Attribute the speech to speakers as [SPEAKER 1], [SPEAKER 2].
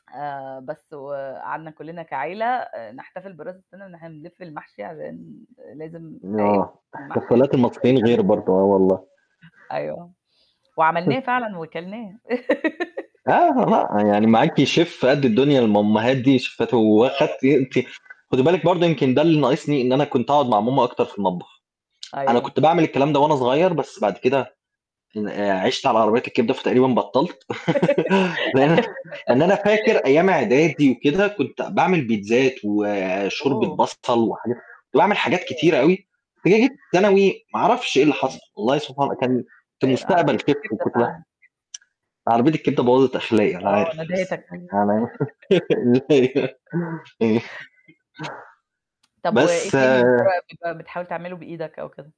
[SPEAKER 1] آآ بس وقعدنا كلّنا كعيلة نحتفل براس السَنة، إن إحنا بنلف المحشي، عشان لازم [unintelligible]
[SPEAKER 2] يوه.
[SPEAKER 1] المحشي
[SPEAKER 2] احتفالات المصريين غير
[SPEAKER 1] [unintelligible]
[SPEAKER 2] برضه. آه والله.
[SPEAKER 1] أيوه، وعملناه فعلًا وكلناه.
[SPEAKER 2] [unintelligible] يعني معاكِ Chef قد الدنيا، الماماهات دي شيفات وآخدتِ أنتِ
[SPEAKER 1] [unintelligible]
[SPEAKER 2] خدي بالِك برضه يمكن ده اللي ناقصني، إن أنا كنت أقعد مع ماما أكتر في المطبخ. أنا كنت
[SPEAKER 1] أيوه.
[SPEAKER 2] باعمل الكلام ده وأنا صغير، بس بعد كده آآ عِشت على عربيات الكبدة، فتقريبا بطلت لإن إن أنا فاكر أيام عدادي وكده، كنت باعمل بيتزات، وشوربة
[SPEAKER 1] اوه!
[SPEAKER 2] بصل، وحاجا كنت باعمل حاجات كتيرة
[SPEAKER 1] [unintelligible]
[SPEAKER 2] أوي، جِيت في ثانوي ما عرفش إيه اللي حصل،
[SPEAKER 1] [unintelligible]
[SPEAKER 2] والله سبحان
[SPEAKER 1] أيوه.
[SPEAKER 2] كان كنت
[SPEAKER 1] آآ عربية
[SPEAKER 2] مستقبل Chef
[SPEAKER 1] الكبدة
[SPEAKER 2] وكنت ب
[SPEAKER 1] فعلًا
[SPEAKER 2] عربية الكبدة بوّظِت أخلاقي أنا
[SPEAKER 1] آه،
[SPEAKER 2] عارف، بس
[SPEAKER 1] ندهتك.
[SPEAKER 2] يعني أنا
[SPEAKER 1] طب وإيه تاني بالطريقة
[SPEAKER 2] بس
[SPEAKER 1] دي بقي، بتحاول تعمله بإيدك أو كده؟